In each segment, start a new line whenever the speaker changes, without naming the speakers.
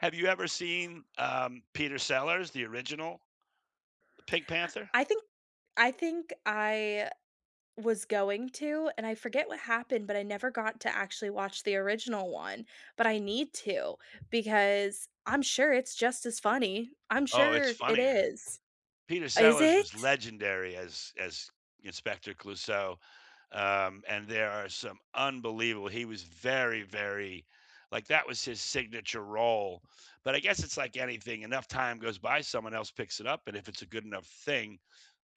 Have you ever seen, um, Peter Sellers, the original, The Pink Panther?
I think I think I was going to and I forget what happened but I never got to actually watch the original one, but I need to because I'm sure it's just as funny. I'm
Oh, it's
sure it
funnier.
is.
Peter
Is
Sellers
it?
was legendary as as Inspector Clouseau, um, and there are some unbelievable he was very, very like, that was his signature role, but I guess it's like anything, enough time goes by, someone else picks it up, and if it's a good enough thing,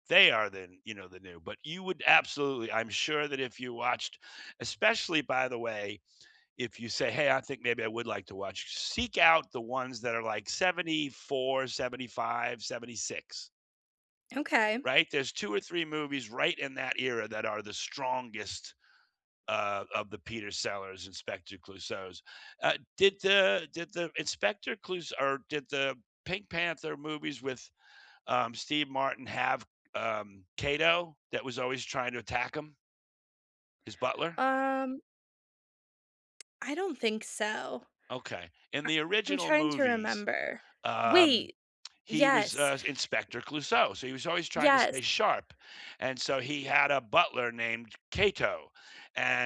they are then, you know, the new, but you would absolutely I'm sure that if you watched especially, by the way, if you say, "Hey, I think maybe I would like to watch," s seek out the ones that are, like, '74, '75, '76."
Okay.
Right, there's 2 or 3 movies right in that era that are the strongest, uh, of the Peter Sellers, Inspector Clouseaus. Uh, did the did the Inspector Clous or did the Pink Panther movies with, um, Steve Martin have, um, Cato that was always trying to attack him? His butler?
Um I don't think so. A
Okay. In the
I'm
original
trying to
movies,
remember.
um,
Wait.
he was,
Yes.
uh, Inspector Clouseau, so he was always trying to stay
Yes.
sharp, and so he had a butler named Cato,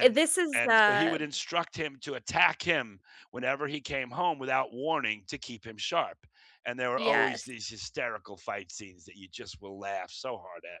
Eh, this is,
and so he would
um
instruct him to attack him whenever he came home without warning to keep him sharp, and there were always
Yes.
these hysterical fight scenes that you just will laugh so hard at.